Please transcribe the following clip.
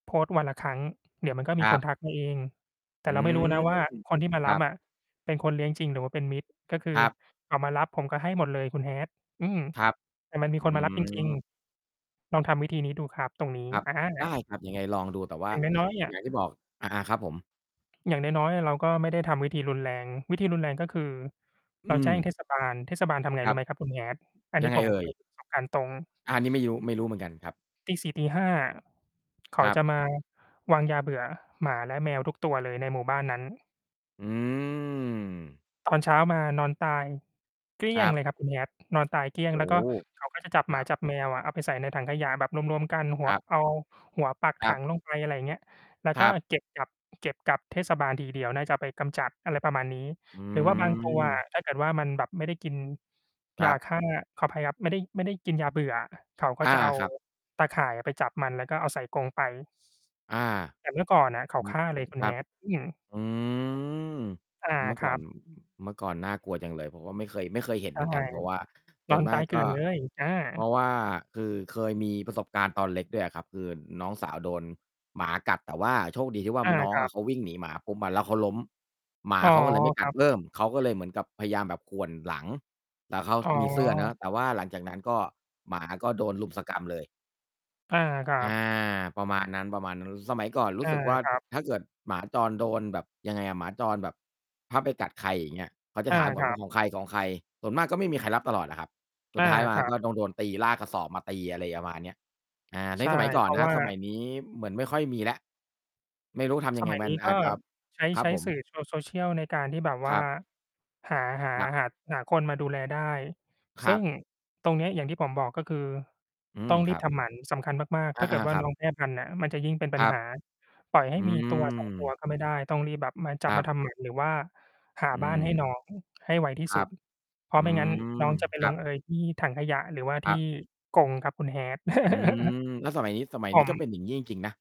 โพสต์วันละครั้ง เดี๋ยวมันก็คมีรัคนบ ทักมาเอง แตอ่ืเราไม่รูม ้ นะว่า คนที่มาครรัับบ อะเป็นคนเลี้ยงจริง หรือว่าเป็นมิจ ก็คืคอ รับ อา มารับผมก็ให้หมดเลยคุณ Hat อืม ครับ แต่มันมีอืคนมารับ จริง ม ๆ ลองทำวิธีนี้ดูครับตรงนี้ ครับ อะฮได้ะ ครับ ยังไงลองดู แต่ว่า อย่างน้อย ๆ เนี่อย ย่างที่บอก อา ๆ ครับผม? อย่างน้อย ๆ เราก็ไม่ได้ทำวิธีรุนแรง วิธีรุนแรง ก็คือ อเราืแจม ้งเทศบาล เทศบาลทำไงครรูั้บ ไหมครับคุณ Hat? อันยนัี้งไงผม เอ่เคยย? มีประสบการณ์ ตรง อา นี่ไม่ยู้ ไม่รู้เหมือนกันครับ 4:00-5:00 อะ เขคารัจบ ะมาวางยาเบื่อหมา และแมวทุกตัวเลยในหมู่บ้านนั้น อืม ตอนเช้ามานอนตายเกลี้คยรงับ เลยครับคุณ Hat นอนตายเกลี้ยง โอ้แล้วกโ็ ฮ! เขาก็จะ จับคหมราับ จับแมวอะ เอาไปใส่ในถังขยะแบบรวม ๆ กัน หัคว รับ เอาหัวปักคถรัับ งลงไป อะไรเงี้ย แล้วคกร็ ับ เก็บกลับ เก็บกลับเทศบาลทีเดียว น่าจะเอาไปกำจัด อะไรประมาณนี้ อืหรือว่าบางตัวอม ะ ถ้าเกิดว่ามันแบบไม่ได้กินครยาับ ฆ่า ขออภัยครับ ไม่ได้ ไม่ได้กินยาเบื่ออะ เขาก็อา จะเอาครับ ตาข่ายอะไปจับมัน แล้วก็เอาใส่กรงไป อา แต่เมื่อก่อนน่ะเขาอืฆม ่าเลยอ คุณ ครับ Hat อืม อืม อา เมื่อคกร่อัน บ อ เมื่อก่อนน่ากลัวจังเลย ผมก็ไม่เคย ไม่เคยเห็นใชเห่ มือนกัน เพราะว่า สน่อวนนมตาากย เกลกื็ ่อนเลย อา เพราะว่าคือเคยมีประสบการณ์ตอนเล็กด้วยอะครับ คืนน้องสาวโดนหมากัด แต่ว่าโชคดีที่ว่า อา น้องครอัะบ เขาวิ่งหนีหมาปุ๊บมา แล้วเขาล้ม หมาอ๋อ เขาก็เลยไม่กคัรดับ เพิ่ม เขาก็เลยเหมือนกับพยายามแบบข่วนหลัง แต่เขาอ๋มีเสื้อเนาะ อ แต่ว่าหลังจากนั้น ก็ หมาก็โดนรุมสกรัมเลย อา ครัอา บ ประมาณนั้น ประมาณนู้น สมัยก่อนรูอ้า สึกว่า ครับ ถ้าเกิดหมาจรโดนแบบยังไงอะ หมาจรแบบ ถ้าไปกัดใคร อย่างเงี้ย เขาจะอา ถามก่อคนรวั่าบ ของใคร ๆ ส่วนมากก็ไม่มีใครรับตลอดอะครับ สอุดา ท้ายมาครัก็บ ต้องโดนตี ลากระสอบมาตี อะไรประมาณ เนี้ย อ่า ใในช่ สมัยก่อเพนราะครัวบ ่า สมัยนี้เหมือนไม่ค่อยมีแล้ว ไม่รู้ทำยสังไง มัยมันนี้อกา็ จจะ ใช้ ครัใบช้ผม? สื่อ โช social ในการที่แบบวค่รา ับ หา หา ครับ หัด หาคนมาดูแลได้ คซรึั่งบ ตรงเนี้ยอย่างที่ผมบอก ก็คืออืตม ้องครีรับบ ทำหมัน สำคัญมาก ๆ อถ้า าเกิดว่ๆ าครันบ ้องแพร่พันธุ์น่ะ มันจะยิ่งเป็นปคัรญัหบ า ปล่อยให้อืมี 1-2 ตัวม ก็ไม่ได้ ต้องรีบแบบมา จัคบรัมาบ ทำหมัน หรือว่าหาอืบ้านให้ม น้อง ให้ไวที่ครสุัด บ เพราอะไืม่งั้นนม ้องจะไปคลรังบ เอยที่ถังขยะ หรือว่าคทรี่ับ กรงครับคุณ Hat อืม แล้วสมัยนี้ สมัยผนี้ม ก็เป็น อย่างงี้ จริง ๆ นะ